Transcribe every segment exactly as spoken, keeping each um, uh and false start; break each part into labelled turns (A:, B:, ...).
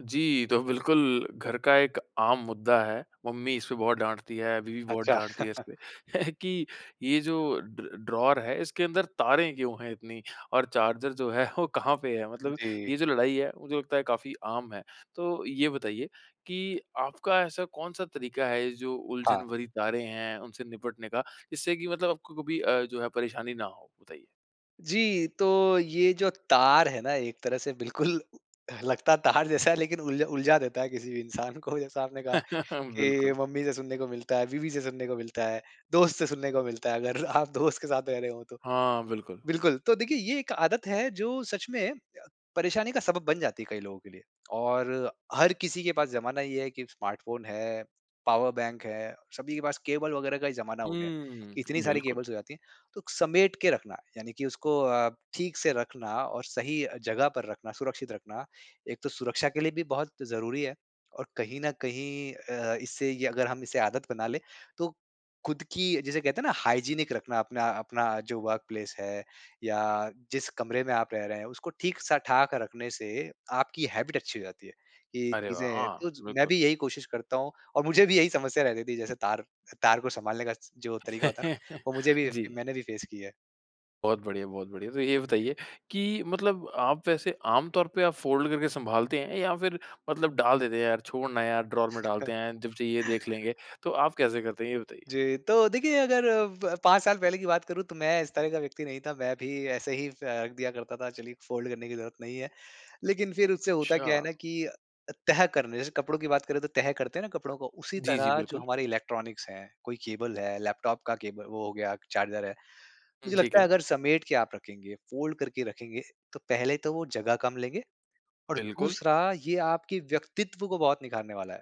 A: जी, तो बिल्कुल घर का एक आम मुद्दा है। मम्मी इसपे बहुत डाँटती है, बीवी बहुत
B: अच्छा।
A: डाँटती है इसपे कि ये जो ड ड्रॉर है इसके अंदर तारे क्यों है इतनी? और चार्जर जो है वो कहाँ पे है? मतलब
B: जी।
A: ये जो लड़ाई है मुझे लगता है काफ़ी आम है। तो ये बताइए कि आपका ऐसा कौन-सा तरीका है जो उलझन
B: हाँ।
A: भरी तारे हैं उनसे निपटने का? जिससे कि मतलब आपको कभी अ, जो है परेशानी ना हो? बताइए।
B: जी, तो ये जो तार है ना? एक तरह से बिल्कुल लगता तार जैसा है। लेकिन उल उलझा देता है किसी भी इंसान को। जैसा आपने कहा कि,
A: बिल्कुल।
B: मम्मी से सुनने को मिलता है, बीवी से सुनने को मिलता है, दोस्त से सुनने को मिलता है। अगर आप दोस्त के साथ रह रहे हो तो।
A: हाँ, बिल्कुल।
B: बिल्कुल, तो देखिए ये एक आदत है जो सच में परेशानी का सबब बन जाती है कई लोगों के लिए। और हर किसी के पास जमाना ये है कि स्मार्टफोन है, पावर बैंक है, सभी के पास केबल वगैरह का ही जमाना हो गया
A: हुँ,
B: है। इतनी सारी
A: बिल्कुल।
B: केबल्स हो जाती है तो समेट के रखना यानी कि उसको अ, ठीक से रखना और सही अ, जगह पर रखना सुरक्षित रखना एक तो सुरक्षा के लिए भी बहुत ज़रूरी है। और कहीं न कहीं अ, इससे ये अगर हम इसे आदत बना ले तो खुद की जिसे कहते हैं ना हाइजीनिक रखना अपना अपना जो वर्क प्लेस है। या जिस कमरे में आप रह रहे हैं उसको ठीक सा ठाक रखने से आपकी हैबिट अच्छी हो जाती है। ये
A: अरे वाह!
B: चीज़ें
A: हाँ,
B: तो ज मैं
A: बिल्कुल।
B: भी यही कोशिश करता हूँ और मुझे भी यही समस्या रहती थी। जैसे तार तार को सँभालने का जो तरीका होता है ना? वो मुझे भी
A: जी।
B: मैंने भी फेस किया है।
A: बहुत बढ़िया, बहुत बढ़िया। तो ये बताइए कि मतलब आप वैसे आम तौर पे आप फोल्ड करके सँभालते हैं या फिर मतलब डाल देते हैं, यार छोड़ ना यार ड्रॉर में डालते हैं जब चाहिए देख लेंगे। तो आप कैसे करते हैं ये बताइए?
B: जी, तो देखिए अगर अब पाँच साल पहले की बात करूँ तो मैं इस तरह का व्यक्ति नहीं था, मैं भी ऐसे ही फेंक दिया करता था चलिए फोल्ड करने की जरूरत नहीं है। लेकिन फिर उससे होता क्या है
A: अच्छा।
B: ना कि अ अ, तह करने जैसे कपड़ों की बात करें तो तह करते हैं ना कपड़ों को उसी
A: जी, जी,
B: तरह जो
A: बिल्कुल।
B: हमारे इलेक्ट्रॉनिक्स है कोई केबल है, लैपटॉप का केबल वो हो गया चार्जर है।
A: हुँ,
B: मुझे
A: ठीक
B: लगता है
A: है।
B: अगर समेट के आप रखेंगे, फोल्ड करके रखेंगे तो पहले तो वो जगह कम लेंगे। और
A: बिल्कुल।
B: दूसरा ये आपके व्यक्तित्व को बहुत निखारने वाला है।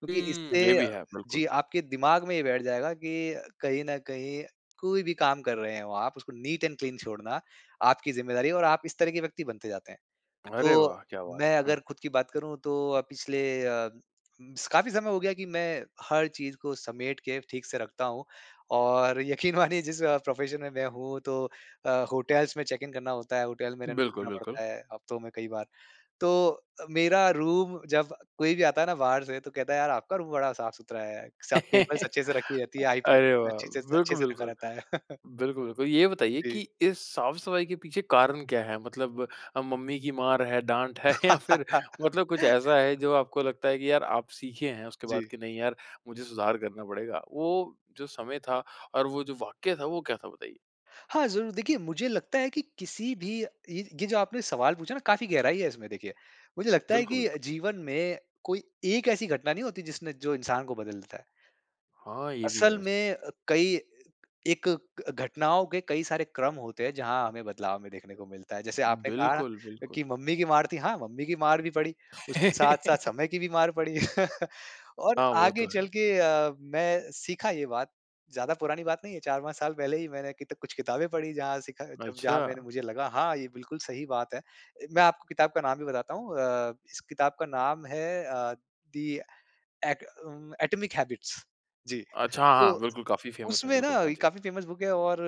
B: क्योंकि
A: हुँ,
B: इससे
A: ये भी
B: अ,
A: है, बिल्कुल।
B: जी, आपके दिमाग में ये बैठ जाएगा कि अ, कहीं न कहीं कोई भी काम कर रहे हो आप उसको नीट एंड क्लीन छोड़ना, आपकी ज़िम्मेदारी है और आप इस तरह के व्यक्ति बनते जाते हैं।
A: अरे
B: तो
A: वाह! क्या बात है,
B: मैं
A: हुँ।
B: अगर खुद की बात करूँ तो अ, पिछले अ, उम, स काफ़ी समय हो गया कि मैं हर चीज़ को समेट के ठीक से रखता हूँ। और यकीन मानिए जिस अ, प्रोफेशन में मैं हूँ तो अ, होटल्स में चेक इन करना होता है, होटल में रहन
A: बिल्कुल,
B: रुकना
A: बिल्कुल।
B: पड़ता है हफ्तों में कई बार। तो अ, मेरा रूम जब कोई भी आता है ना बाहर से तो कहता है यार आपका रूम बड़ा साफ-सुथरा है। सब केबल्स अच्छे से रखी रहती है, आईपैड
A: अरे वाह!
B: अच्छे छे स अच्छे
A: बिल्कुल,
B: से रखा
A: बिल्कुल।
B: रहता है।
A: बिल्कुल, बिल्कुल। ये बताइए कि
B: जी।
A: इस साफ़-सफाई के पीछे कारण क्या है? मतलब अ, मम्मी की मार है, डाँट है या फिर मतलब कुछ ऐसा है जो आपको लगता है कि यार आप सीखे हैं उसके बाद
B: जी।
A: की नहीं यार, मुझे सुधार करना पड़ेगा। वो जो समय था और वो जो वाक्य था वो क्या था बताइए?
B: हाँ, जरूर देखिए मुझे लगता है कि किसी भी ये ये जो आपने सवाल पूछा ना काफ़ी गहराई है इसमें देखिए। मुझे लगता है
A: बिल्कुल,
B: कि
A: बिल्कुल।
B: जीवन में कोई एक ऐसी घटना नहीं होती जिसने जो इंसान को बदल देता है।
A: हाँ, ये भी है
B: असल
A: वैसे।
B: में अ, कई एक क घटनाओं के कई सारे क्रम होते हैं जहाँ हमें बदलाव में देखने को मिलता है। जैसे आपने कहा ना,
A: बिल्कुल,
B: अ,
A: बिल्कुल।
B: कि मम्मी की मार थी, हाँ, मम्मी की मार भी पड़ी उसके साथ-साथ समय की भी मार पड़ी। और
A: हाँ, वो तो
B: आगे चल
A: है।
B: के अ, मैं सीखा ये बात, ज़्यादा पुरानी बात नहीं है चार पाँच साल पहले ही मैंने कित कुछ किताबें पढ़ी जहाँ सीखा जब जहाँ मैंने
A: अच्छा।
B: मुझे लगा हाँ, ये बिल्कुल सही बात है। ए, मैं आपको किताब का नाम भी बताता हूँ अ, इस किताब का नाम है अ, दी ऍक उम, एटॉमिक हैबिट्स। जी,
A: अच्छा, हाँ,
B: तो
A: बिल्कुल, काफ़ी फेमस है,
B: उसमें ना
A: बिल्कुल, हाँ
B: ये
A: जी।
B: काफ़ी फेमस बुक है और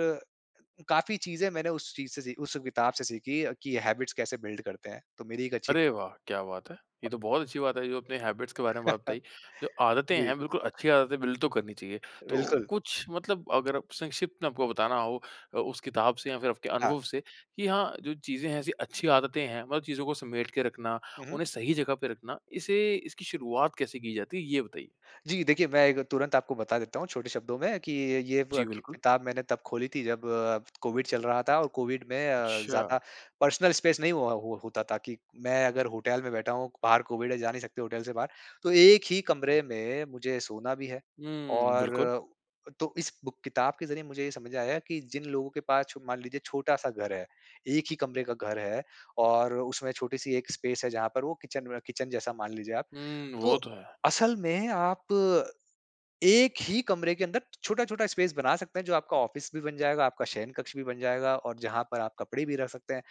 B: काफ़ी चीज़ें मैंने उस चीज़ से सीख उस किताब से सीखी अ, कि अ, हैबिट्स कैसे बिल्ड करते हैं तो मेरी एक अच्छी
A: अरे वाह! क्या बात है! ये तो बहुत अच्छी बात है। जो अपने हैबिट्स के बारे में बात बताई, जो आदतें
B: जी।
A: हैं बिल्कुल अच्छी आदतें बिल्ड तो करनी चाहिए। तो
B: बिल्कुल।
A: कुछ मतलब अगर आप संक्षिप्त में आपको बताना हो, अ, उस किताब से या फिर आपके
B: हाँ।
A: अनुभव से, कि हाँ जो चीज़ें हैं ऐसी अच्छी आदतें हैं, मतलब चीज़ों को समेट के रखना
B: हुँ, हुँ।
A: उन्हें सही जगह पे रखना। इसे इसकी शुरुआत कैसे की जाती है ये बताइए?
B: जी, देखिए मैं एक तुरंत आपको बता देता हूँ छोटे शब्दों में, कि ये ब
A: जी,
B: क
A: बिल्कुल।
B: किताब मैंने तब खोली थी जब कोविड चल रहा था। और कोविड में अ,
A: अच्छा।
B: ज़्यादा पर्सनल स्पेस नहीं हुआ होता था कि मैं अगर होटल में बैठा हूँ क बाहर कोविड है जा नहीं सकते होटल से बाहर। तो एक ही कमरे में मुझे सोना भी है।
A: हुँ,
B: और
A: बिल्कुल।
B: अ, तो इस बुक किताब के ज़रिए मुझे ये समझ में आया की जिन लोगों के पास छो मान लीजिए छोटा-सा घर है, एक ही कमरे का घर है, और उसमें छोटी-सी एक स्पेस है जहाँ पर वो किचन में किचन जैसा मान लीजिए आप।
A: हुँ, वो
B: तो
A: तो है।
B: असल में आप एक ही कमरे के अंदर छोटा-छोटा स्पेस बना सकते हैं जो आपका ऑफिस भी बन जाएगा, आपका शयनकक्ष भी बन जाएगा, और जहाँ पर आप कपड़े भी रख सकते हैं।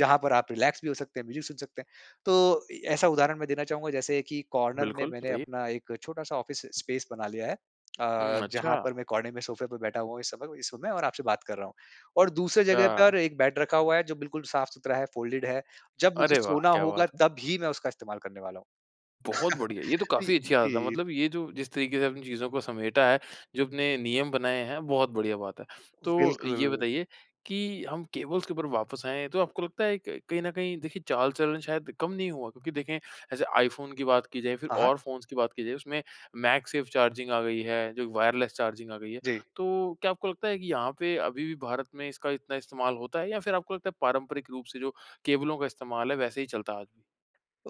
B: जहाँ पर आप रिलैक्स भी हो सकते हैं, म्यूज़िक सुन सकते हैं। तो इ ऐसा उदाहरण मैं देना चाहूँगा जैसे कि कॉर्नर में
A: बिल्कुल,
B: मैंने
A: बताइए।
B: अपना एक छोटा-सा ऑफिस स्पेस बना लिया है।
A: हुँ,
B: अ, जहाँ
A: अच्छा।
B: पर मैं कोने में सोफे पे बैठा हुआ हूँ इस समय औ इस समय और आपसे बात कर रहा हूँ। और दूसरे जगह
A: छा
B: पर एक बेड रखा हुआ है जो बिल्कुल साफ़-सुथरा है फोल्डेड है। जब मुझे
A: अरे वाह!
B: सोना
A: क्या
B: होगा
A: बात है!
B: तब ही मैं उसका इस्तेमाल करने वाला हूँ।
A: बहुत बढ़िया, ये तो
B: पइ
A: काफ़ी
B: अ,
A: अच्छी आदत है।
B: जी।
A: मतलब ये जो जिस तरीके से चीजों को समेटा है जो अपने नियम बनाए हैं बहुत बढ़िया बात है। तो ये
B: बिल्कुल।
A: बताइए कि हम केबल्स के ऊपर वापस आएँ तो आपको लगता है कि कहीं न कहीं देखिए चाल-चलन शायद कम नहीं हुआ? क्योंकि देखें जैसे iPhone की बात की जाए फिर
B: हाँ, हाँ।
A: और फ़ोन्स की बात की जाए उसमें मैगसेफ चार्जिंग आ गई है। जो वायरलेस चार्जिंग आ गई है।
B: जी।
A: तो क्या आपको लगता है कि यहाँ पे अभी भी भारत में इसका इतना इस्तेमाल होता है या फिर आपको लगता है पारंपरिक रूप से जो केबलों का इस्तेमाल है वैसे ही चलता है आज भी?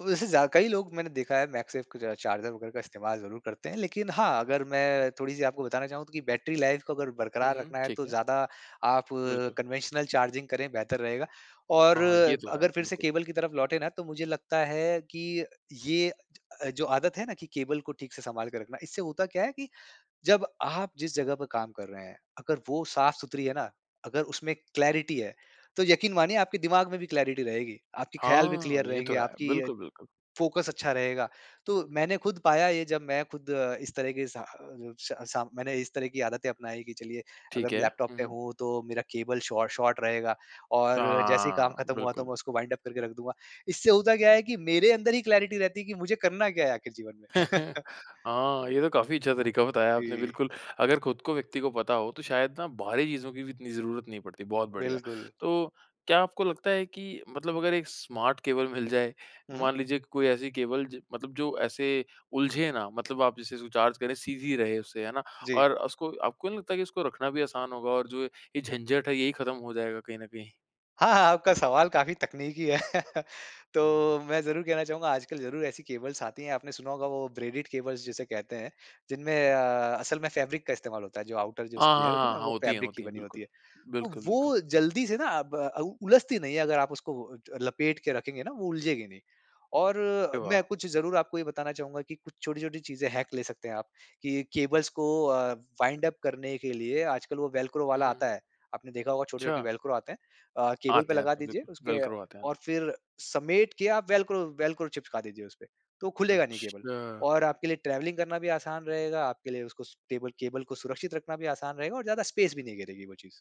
B: वैसे ज़्या कई लोग मैंने देखा है मैगसेफ का चार्जर वग़ैरह का इस्तेमाल ज़रूर करते हैं। लेकिन हाँ, अगर मैं थोड़ी-सी आपको बताना चाहूँ त की बैटरी लाइफ़ को अगर
A: हुँ,
B: बरकरार
A: हुँ।
B: रखना है
A: ठीक
B: तो
A: है।
B: ज़्यादा आप
A: बिल्कुल।
B: कन्वेंशनल चार्जिंग करें बेहतर रहेगा और
A: हाँ, ये तो है।
B: अगर फिर से
A: बिल्कुल।
B: केबल की तरफ लौटे ना, तो मुझे लगता है कि ये अ, जो आदत है ना कि केबल को ठीक से सँभाल के रखना इससे होता क्या है कि जब आप जिस जगह पर काम कर रहे हैं अगर वो साफ़-सुथरी है ना अगर उसमें क्लैरिटी है। तो यकीन मानिए आपके दिमाग में भी क्लैरिटी रहेगी, आपके ख़याल भी
A: हाँ,
B: क्लियर
A: ये तो
B: रहेंगे,
A: है।
B: आपकी अ,
A: बिल्कुल, बिल्कुल।
B: फोकस अच्छा रहेगा। तो मैंने खुद पाया ये जब मैं खुद इस तरह के सा अ, जो श सा मैंने इस तरह की आदतें अपनाई कि चलिए अगर
A: ठीक
B: मैं
A: है।
B: लैपटॉप
A: हुँ,
B: पे
A: हुँ।
B: हूँ तो मेरा केबल शॉ शॉर्ट रहेगा और जैसे ही काम
A: हाँ,
B: खत्म हुआ तो
A: बिल्कुल।
B: मैं उसको वाइंड उप करके रख दूँगा। इससे होता क्या है कि मेरे अंदर ही क्लैरिटी रहती है कि मुझे करना क्या है आख़िर जीवन में।
A: हाँ, ये तो काफ़ी अच्छा तरीका बताया आपने
B: जी।
A: बिल्कुल, अगर खुद को व्यक्ति को पता हो तो शायद ना बाहरी चीज़ों की भी इतनी ज़रूरत नहीं पड़ती, बहुत बढ़िया।
B: बिल्कुल।
A: तो क्या आपको लगता है कि मतलब अगर एक स्मार्ट केबल मिल जाए।
B: हुँ, हुँ।
A: मान लीजिए कि कोई ऐसी केबल जे मतलब जो ऐसे उलझे ना, मतलब आप जैसे इसको चार्ज करें सीधी रहे उससे, है ना?
B: जी।
A: और उसको आपको नहीं लगता कि उसको रखना भी आसान होगा और जो है ये झंझट है यही खत्म हो जाएगा कहीं न कहीं?
B: हाँ, हाँ, आपका सवाल काफ़ी तकनीकी है। तो मैं ज़रूर कहना चाहूँगा आजकल ज़रूर ऐसी केबल्स आती हैं। आपने सुना होगा वो ब्रेडेड केबल्स जिसे कहते हैं जिनमें अ, असल में फैब्रिक का इस्तेमाल होता है जो आउटर जो
A: हाँ,
B: उसकी
A: हाँ,
B: लेयर होती है
A: हाँ,
B: ना
A: हाँ।
B: वो
A: होती है
B: फैब्रिक की
A: होती है
B: बनी
A: बिल्कुल।
B: होती है। अब
A: बिल्कुल, बिल्कुल।
B: वो जल्दी से ना अब अ, उ उलझती नहीं है अगर आप उसको वो ज लपेट के रखेंगे ना वो उलझेगी नहीं। और
A: अरे
B: मैं
A: वाह!
B: कुछ ज़रूर आपको ये बताना चाहूँगा कि कुछ छोटी-छोटी चीज़ें हैक ले सकते हैं आप, कि केबल्स को अ, वाइंड अप करने के लिए आजकल वो वेल्क्रो
A: हुँ,
B: वाला
A: हुँ।
B: आता है। आपने देखा होगा छोटे-छोटे
A: अच्छा।
B: वेल्क्रो आते हैं। अ, केबल पे
A: आते हैं
B: लगा
A: आते हैं।
B: दीजिए
A: बिल्कुल,
B: उसके
A: वेल्क्रो आते हैं।
B: और फिर समेट के आप वेल्क्रो वेल्क्रो चिपका दीजिए उसपे। तो खुलेगा नहीं केबल,
A: अच्छा।
B: और आपके लिए ट्रैवलिंग करना भी आसान रहेगा। आपके लिए उसको स टेबल केबल को सुरक्षित रखना भी आसान रहेगा और ज़्यादा स्पेस भी नहीं घेरेगी वो चीज़।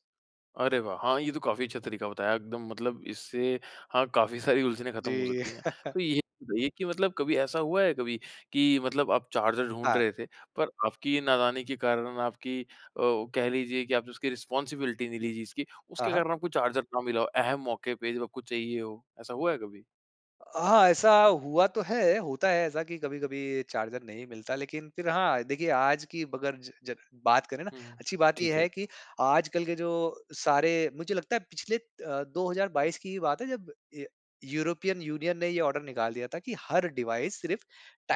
A: अरे वाह! हाँ, ये तो काफ़ी अच्छा तरीक़ा बताया एकदम मतलब इससे हाँ काफ़ी सारी उलझने ख़त्म हो
B: जी।
A: सकती हैं। तो ये ये कि मतलब कभी ऐसा हुआ है कभी कि मतलब आप चार्जर ढूँढ
B: हाँ।
A: रहे थे पर आपकी नादानी के कारण न आपकी अ, कह लीजिए कि आपने उसकी रिस्पॉन्सिबिलिटी नहीं ली जी इसकी,
B: हाँ,
A: उसके
B: हाँ।
A: कारण आपको चार्जर ना मिला हो। अहम मौक़े पे जब आपको चाहिए हो। ऐसा हुआ है कभी?
B: हाँ। ऐसा हुआ तो है, होता है ऐसा कि कभी-कभी चार्जर नहीं मिलता लेकिन फ़िर हाँ देखिए, आज की अगर ज ज बात करें ना,
A: हुँ, हुँ।
B: अच्छी बात ये
A: ठीक है।
B: है कि आजकल के जो सारे मुझे लगता है पिछले अ, दो हज़ार बाईस की ही बात है जब य यूरोपियन यूनियन ने ये ऑर्डर निकाल दिया था कि हर डिवाइस सिर्फ़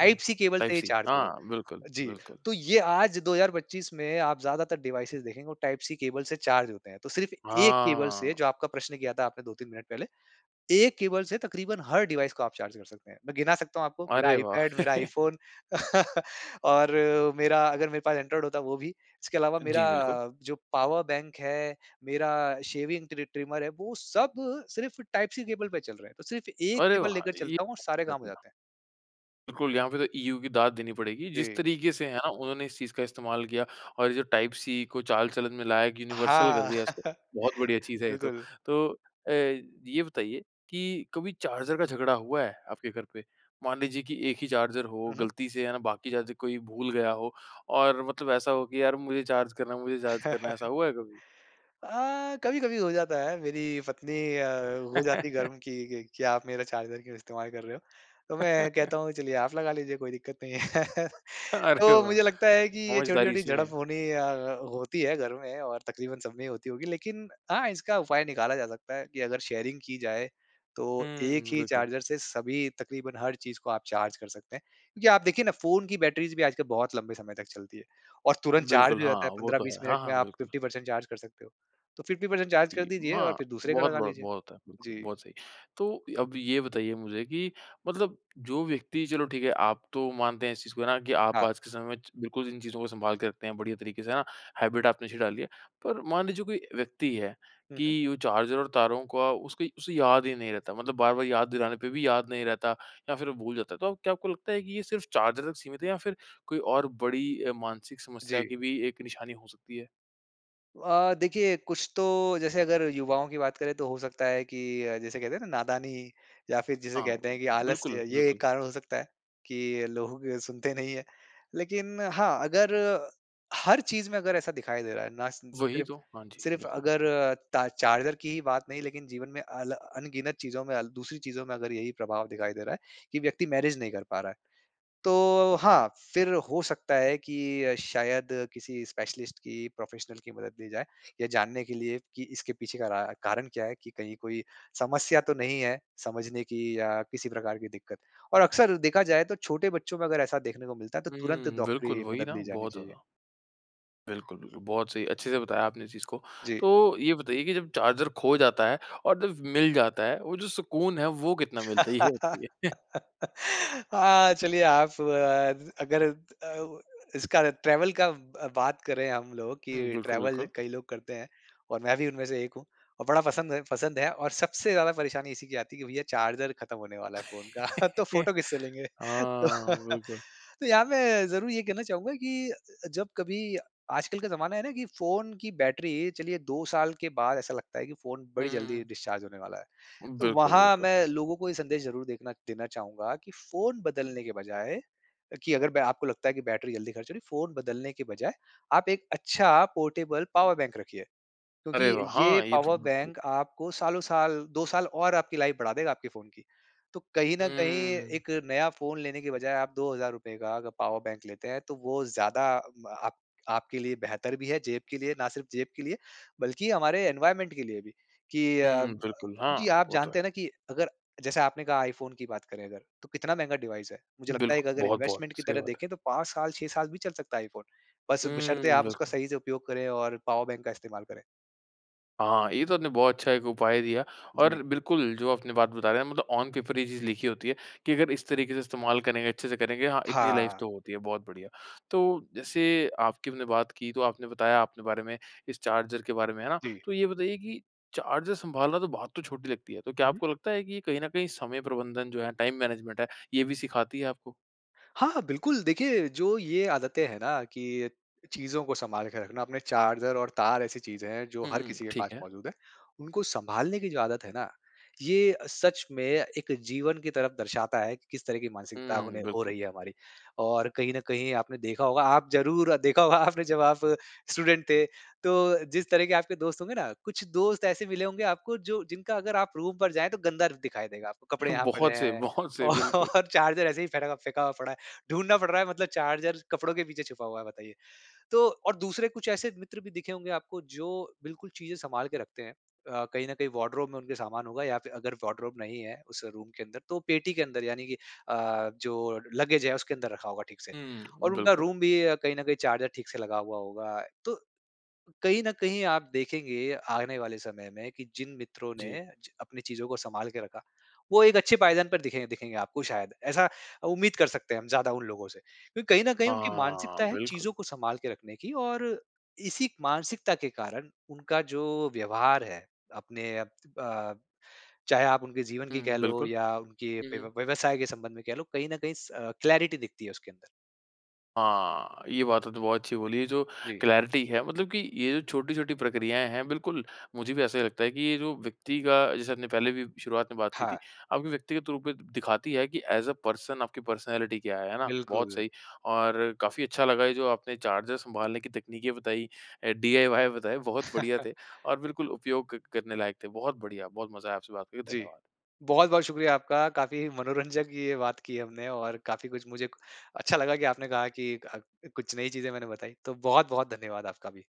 A: हुँ।
B: केबल से ही
A: टाइप-सी
B: चार्ज होगा।
A: हाँ। बिल्कुल,
B: जी।
A: बिल्कुल।
B: तो ये आज दो हज़ार पच्चीस में आप ज़्यादातर डिवाइसेज़ देखेंगे वो टाइप-सी केबल से चार्ज होते हैं। तो सिर्फ़ एक केबल से
A: हाँ।
B: जो आपका प्रश्न किया था आपने दो तीन मिनट पहले, एक केबल से तकरीबन हर डिवाइस को आप चार्ज कर सकते हैं। मैं गिना सकता हूँ आपको, मेरा
A: अरे वाह!
B: आईपैड, मेरा iPhone और मेरा अगर मेरे पास एंड्रॉइड होता वो भी। इसके अलावा मेरा
A: जी, बिल्कुल।
B: अ, जो पावर बैंक है, मेरा शेविंग ट्रि ट्रिमर है वो सब सिर्फ़ टाइप-सी केबल पे चल रहे हैं। तो सिर्फ एक
A: अरे
B: केबल
A: वाह!
B: लेकर
A: ये।
B: चलता हूँ और सारे काम हो
A: [unintelligible]
B: जाते हैं।
A: बिल्कुल यहाँ पे तो EU की दाद देनी पड़ेगी, जिस
B: जी।
A: तरीके से है ना, उन्होंने इस चीज़ का इस्तेमाल किया और ये जो टाइप-सी को चाल-चलन में लाया, यूनिवर्सल कर
B: हाँ।
A: दिया इसको, बहुत बढ़िया चीज़ है ये तो।
B: बिल्कुल।
A: तो अ, ये बताइए कि कभी चार्जर का झगड़ा हुआ है? आपके घर पे। मान लीजिए कि एक ही चार्जर हो
B: हुँ, हुँ।
A: गलती से, है ना, बाकी चार्ज कोई भूल गया हो? और मतलब ऐसा हो कि यार मुझे चार्ज करना है मुझे चार्ज करना है। ऐसा हुआ है कभी?
B: अ, कभी-कभी हो जाता है। मेरी पत्नी अ, हो जाती है गर्म कि कि क्या आप मेरा चार्जर क्यों इस्तेमाल कर रहे हो? तो मैं कहता हूँ, चलिए आप लगा लीजिए, कोई दिक्कत नहीं है।
A: अरे
B: तो
A: वाह!
B: मुझे लगता है कि ये
A: समझदारी
B: छोटी-छोटी
A: इसी में
B: झड़प
A: है।
B: होनी अ अ, होती है घर में और तक़रीबन सब में ही होती होगी। लेकिन हाँ, इसका उपाय निकाला जा सकता है कि अगर शेयरिंग की जाए, तो एक
A: हुँ,
B: ही
A: बिल्कुल।
B: चार्जर से सभी तक़रीबन हर चीज़ को आप चार्ज कर सकते हैं। क्योंकि आप देखिए ना, फ़ोन की बैटरीज़ भी आजकल बहुत लंबे समय तक चलती है। और तुरंत चार्ज
A: बिल्कुल
B: हो
A: हाँ
B: जाता है।
A: वो
B: पंद्रह
A: तो
B: बीस
A: है। हाँ,
B: मिनट में
A: हाँ,
B: आप
A: बिलकुल।
B: फ़िफ़्टी परसेंट चार्ज कर सकते हो। तो फ़िफ़्टी परसेंट चार्ज
A: इ
B: कर
A: म
B: दीजिए और
A: हाँ,
B: फिर दूसरे का
A: बहुत,
B: लगा
A: बहुत,
B: लीजिए।
A: बहुत होता है, बिल्कुल
B: जी।
A: बहुत सही। तो अब ये बताइए मुझे कि मतलब जो व्यक्ति चलो ठीक है, आप तो मानते हैं इस चीज़ को, है ना, कि आप
B: हाँ।
A: आज के समय में च बिल्कुल इन चीजों को सँभाल के रखते हैं, बढ़िया तरीक़े से। है ना? हैबिट आपने अच्छी डाली है। पर मान लीजिए कोई व्यक्ति है
B: हुँ, हुँ।
A: कि वो चार्जर और तारों को अ, उसके उसे याद ही नहीं रहता, मतलब बार-बार याद दिलाने पर भी याद नहीं रहता या फिर वो भूल जाता है। तो क्या आपको लगता है कि यह सिर्फ़ चार्जर तक सीमित है। या फिर कोई और बड़ी अ, मानसिक समस्या
B: जी।
A: की भी एक निशानी हो सकती है?
B: अ, देखिए कुछ तो जैसे अगर युवाओं की बात करे तो हो सकता है कि अ, जैसे कहते हैं ना, नादानी या फ़िर जिसे
A: हाँ।
B: कहते हैं कि
A: बिल्कुल,
B: आलस्य, ये
A: बिल्कुल।
B: एक कारण हो सकता है कि लोगो की सुनते नहीं है। लेकिन हाँ, अगर हर चीज़ में अगर ऐसा दिखाई दे रहा है ना सिन
A: वहीं
B: सिर्फ़
A: तो। हाँ, जी।
B: सिर्फ़
A: बिल्कुल।
B: अगर ता चार्जर की ही बात नहीं लेकिन जीवन में अल अनगिनत चीजों में अल दूसरी चीजों में अगर यहीं प्रभाव दिखाई दे रहा है कि व्यक्ति मैनेज नहीं कर पा रहा है। तो हाँ, फ़िर हो सकता है कि शायद किसी स्पेशलिस्ट की, प्रोफ़ेशनल की मदद ली जाए, ये जानने के लिए कि इसके पीछे का रा कारण क्या है कि कहीं कोई समस्या तो नहीं है समझने की या किसी प्रकार की दिक्कत और अक्सर देखा जाए तो छोटे बच्चों में अगर ऐसा देखने को मिलता है तो तुरंत
A: हुँ। बिल्कुल
B: डॉक्टरी
A: वहीं
B: मदद
A: ना
B: ली जानी
A: बहुत
B: चाहिए।
A: ज़्यादा। बिल्कुल, बिल्कुल। बहुत सही अच्छे से बताया आपने इस चीज़ को।
B: जी।
A: तो ये बताइए कि जब चार्जर खो जाता है और जब मिल जाता है वो जो सुकून हैं वो कितना मिलता है? ये बताइए।
B: हाँ, चलिए आप अ, अगर अ, इसका रहे ट्रैवल का अ, बात करे हम लोग
A: हुँ।
B: कि
A: बिल्कुल,
B: ट्रैवल
A: बिल्कुल।
B: कई लोग करते हैं और मैं भी उनमें से एक हूँ और बड़ा पसंद है पसंद है और सबसे ज़्यादा परेशानी इसी की आती है कि भैया चार्जर ख़त्म होने वाला है फ़ोन का, तो फ़ोटो किससे लेंगे? तो,
A: हाँ, बिल्कुल।
B: तो यहाँ मैं ज़रूर ये कहना चाहूँगा कि अ, जब कभी आजकल का ज़माना है ना कि फ़ोन की बैटरी चलिए दो साल के बाद ऐसा लगता है कि फ़ोन
A: हुँ,
B: बड़ी
A: हुँ,
B: जल्दी
A: हुँ।
B: डिस्चार्ज होने वाला है। तो
A: बिल्कुल,
B: वहाँ
A: बिल्कुल।
B: मैं लोगों को ये संदेश जरूर देखना देना चाहूँगा कि फ़ोन बदलने के बजाए कि अगर बे आपको लगता है कि बैटरी जल्दी ख़र्च हो रही है, फ़ोन बदलने के बजाए आप एक अच्छा पोर्टेबल पावर बैंक रखिए। क्योंकि
A: अरे वाह!
B: ये
A: हाँ। ये तो
B: पावर
A: बिल्कुल।
B: बैंक आपको सालों साल दो साल और आपकी लाइफ़ बढ़ा देगा आपके फ़ोन की। तो कहीं न कहीं
A: हुँ।
B: एक नया फ़ोन लेने की बजाए आप दो हज़ार रुपए का अगर पावर बैंक लेते हैं तो वो ज्यादा अ, प आपके लिए बेहतर भी है जेब के लिए ना सिर्फ़ जेब के लिए बल्कि हमारे एनवायरनमेंट के लिए भी कि अ
A: हुँ। बिल्कुल,
B: जी
A: हाँ।
B: आप
A: वो तो
B: जानते
A: है।
B: हैं ना कि अगर जैसे आपने कहा iPhone की बात करें अगर तो कितना महँगा डिवाइस है। मुझे लगता है एक
A: बिल्कुल।
B: अगर
A: बहुत-बहुत
B: इन्वेस्टमेंट की
A: सही
B: तरह
A: बात है।
B: देखे तो पाँच साल छह साल भी चल सकता है iPhone। बस बशर्तें
A: हुँ,
B: आप उसका
A: बिल्कुल।
B: सही से उपयोग करें और पावर बैंक का इस्तेमाल करें।
A: हाँ, ये तो आपने बहुत अच्छा एक उपाय दिया और
B: जी।
A: बिल्कुल जो आपने बात बता रहे हैं मतलब ऑन पेपर ये चीज़ लिखी होती है कि अगर इस तरीके से इस्तेमाल करेंगे, अच्छे से करेंगे हाँ, इतनी लाइफ़
B: हाँ।
A: तो होती है, बहुत बढ़िया। तो जैसे आपकी हमने बात की तो आपने बताया आपने बारे में, इस चार्जर के बारे में है ना?
B: जी।
A: तो ये बताइए कि चार्जर सँभालना तो बात तो छोटी लगती है। तो क्या आपको लगता है कि कहीं न कहीं समय प्रबंधन जो है टाइम मैनेजमेंट है ये भी सिखाती है आपको?
B: हाँ, हाँ, बिल्कुल। देखिए जो ये आदतें हैं ना कि चीजों को सँभाल के रखना अपने चार्जर और तार ऐसी चीज़ें हैं जो
A: हुँ,
B: हर
A: हुँ।
B: किसी के
A: ठीक
B: पास
A: है।
B: मौजूद है। उनको सँभालने की जो आदत है ना, ये सच में एक जीवन की तरफ दर्शाता है कि किस तरह की मानसिकता
A: हुँ,
B: उन्हें हो
A: बिल्कुल।
B: रही है हमारी। और कहीं न कहीं आपने देखा होगा आप ज़रूर देखा होगा आपने जब आप स्टूडेंट थे। तो जिस तरह के आपके दोस्त होंगे ना कुछ दोस्त ऐसे मिले होंगे आपको जो जिनका अगर आप रूम पर जाएँ तो गंदा र दिखाई देगा। आपको कपड़े
A: ह
B: यहाँ पड़े
A: बहुत सही
B: हैं
A: बहुत सही बिल्कुल।
B: और चार्जर ऐसे ही फेंटा फेंका व पड़ा है। ढूँढ़ना पड़ रहा है मतलब चार्जर कपड़ों के पीछे छुपा हुआ है बताइए। तो और दूसरे कुछ ऐसे मित्र भी दिखे होंगे आपको जो बिल्कुल चीज़ें सँभाल के रखते हैं। अ, कहीं न कहीं वार्डरोब में उनके सामान होगा या फिर अगर वार्डरोब नहीं है उस रूम के अंदर तो पेटी के अंदर यानी की अ, जो लगेज है उसके अंदर रखा होगा ठीक से।
A: हुँ,
B: और उनका
A: बिल्कुल।
B: रूम भी अ, कहीं न कहीं चार्जर ठीक से लगा हुआ होगा। तो कहीं न कहीं आप देखेंगे आने वाले समय में कि जिन मित्रों ने
A: जी।
B: च अपनी चीजों को सँभाल के रखा वो एक अच्छे पायदान पर दिखें दिखेंगे आपको शायद ऐसा उम्मीद कर सकते हैं हम ज्यादा उन लोगों से। क्योंकि कहीं न कहीं उनकी
A: हाँ,
B: मानसिकता है चीजों
A: बिल्कुल।
B: को सँभाल के रखने की और इसी मानसिकता के कारण उनका जो व्यवहार है। अपने अ, चाहे आप उनके जीवन की कह
A: हुँ,
B: लो
A: बिल्कुल।
B: या उनके
A: हुँ,
B: व्य
A: हुँ।
B: व्यवसाय के संबंध में कह लो कहीं न कहीं स अ, क्लैरिटी दिखती है उसके अंदर।
A: हाँ, ये बातें तो बहुत अच्छी बोली है जो
B: जी।
A: क्लैरिटी है मतलब कि ये जो छोटी-छोटी प्रक्रियाएँ हैं बिल्कुल, मुझे भी ऐसा ही लगता है कि ये जो व्यक्ति का जैसे आपने पहले भी शुरुआत में बात की थी
B: हाँ।
A: आपके व्यक्तिगत रूप में दिखाती है कि एज़ ए पर्सन आपकी पर्सनैलिटी क्या है, है ना? बहुत
B: बिल्कुल।
A: सही और काफ़ी अच्छा लगा ये जो आपने चार्जर सँभालने की तकनीकें बताई अ, डीआईवाई बताए बहुत बढ़िया थे और बिल्कुल उपयोग करने लायक थे। बहुत बढ़िया, बहुत मज़ा आया आपसे बात करके
B: जी,
A: धन्यवाद।
B: बहुत-बहुत शुक्रिया आपका काफ़ी मनोरंजक ये बात की हमने और काफ़ी कुछ मुझे अच्छा लगा कि आपने कहा की अ, कुछ नई चीज़ें मैंने बताई तो बहुत-बहुत धन्यवाद आपका भी।